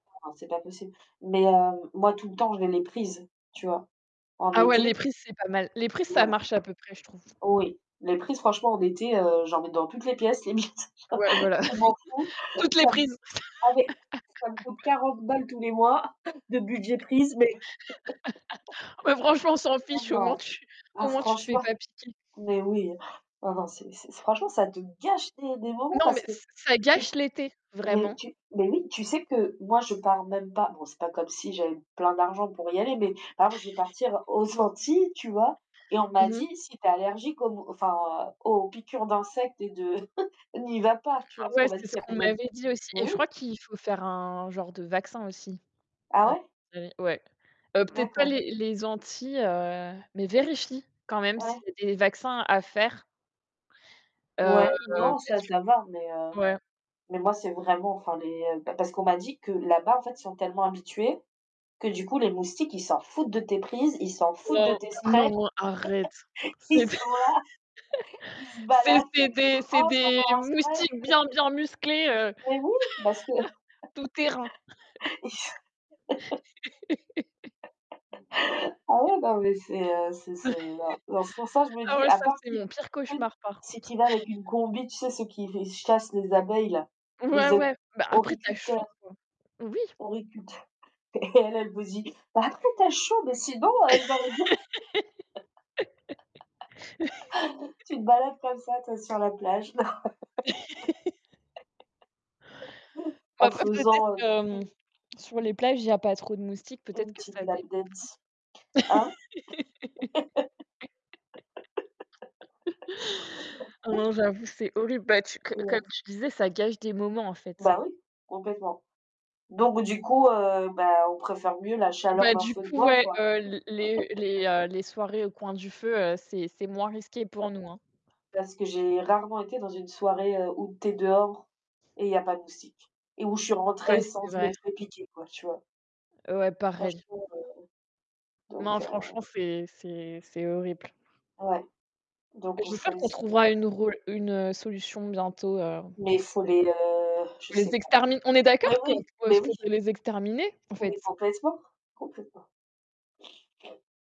Non, c'est pas possible mais heu, moi, tout le temps, je mets les prises, tu vois? En Ah ouais, les été. prises, c'est pas mal. Les prises, ça Voilà. marche à peu près, je trouve. Oui, les prises, franchement, en été, heu, j'en mets dans toutes les pièces limite. Ouais, voilà. Je m'en fous, Toutes les ça me prises! ah, beh, ça me coûte 40 balles tous les mois de budget prise, mais, Ah bah, franchement, on s'en et fiche, au moins, non, tu là, au moins, tu te fais franchement, pas piquer! mais oui, oh, non, c'est c'est franchement, ça te gâche des des moments Non, mais parce que, ç ça tu sais? gâche l'été, Mais vraiment! tu mais oui, tu sais que moi, je pars même pas, bon, c'est pas comme si j'avais plein d'argent pour y aller, mais par exemple, je vais partir aux Antilles, tu vois? Et on Mmh m'a dit: mh. «Si tu es allergique aux mo enfin, aux piqûres d'insectes et de n'y va pas», tu vois? Parce Ouais, qu'on m'a c'est dit que ce qu'on [unintelligible] m'avait dit aussi mais et je crois oui! qu'il faut faire un genre de vaccin, aussi, Ah ouais? [unintelligible] ouais, peut-être pas D'accord. les les Antilles, heu, mais vérifie quand même s'il Ouais. y a des vaccins à faire heu, Ouais, non, ça, parce ça va, mais, heu, que ouais. mais moi, c'est vraiment enfin, les beh, parce qu'on m'a dit que là-bas, en fait, ils sont tellement habitués que, du coup, les moustiques, ils s'en foutent de tes prises, ils s'en foutent de Non, tes sprays, non, arrête. C'est des ils sont là, ils se c'est baladent: des c'est «Oh, c'est des encore un spray!» moustiques bien, bien musclés, heu, Mais oui, parce que tout terrain. ils se Ah ouais, mais c'est, heu, c'est c'est non, c'est pour ça, je me Ah dis: ouais, «À ça, part c'est si tu mon pire sais? cauchemar, par Si contre. tu y vas avec une combi», tu sais? Ceux qui v chassent les abeilles, là, Ouais, les éco ouais, bah, après, tu as horticulteurs. chaud, quoi. Oui. horticulteurs et elle, elle vous dit: «Bah, après, tu as chaud, mais sinon, heu, je l'aurais bien» tu te balades comme ça, toi, sur la plage, normal Bah, en après peut-être faisant, heu, que, mmh, une sur les plages, il y a pas trop de moustiques, peut-être une que petite ça lap dépend. dance. Hein? Non, j'avoue, c'est horrible. Bah, tu que comme Ouais. tu disais, ça gâche des moments, en fait. Bah, oui, complètement, donc du coup, heu, bah, on préfère mieux la chaleur Bah, d'un du feu de coup, bois, ouais, quoi. heu, l les les, heu, les soirées au coin du feu, heu, c'est c'est moins risqué D'accord, pour nous, hein. parce que j'ai rarement été dans une soirée, heu, où tu es dehors et il y a pas de moustiques et où je suis rentrée Ouais, sans c'est vrai. être fait piqué, quoi, tu vois? Ouais, pareil. Franchement, heu, Non, donc heu franchement, c'est c'est c'est horrible. Ouais, donc on J'espère qu'on choisit trouvera une le ro une solution bientôt, heu, Mais il faut pour les, heu, je pour les sais pas. extermin on est Mais d'accord qu'on oui, peut? mais oui! Faudrait les exterminer, en Mais fait? complètement, complètement.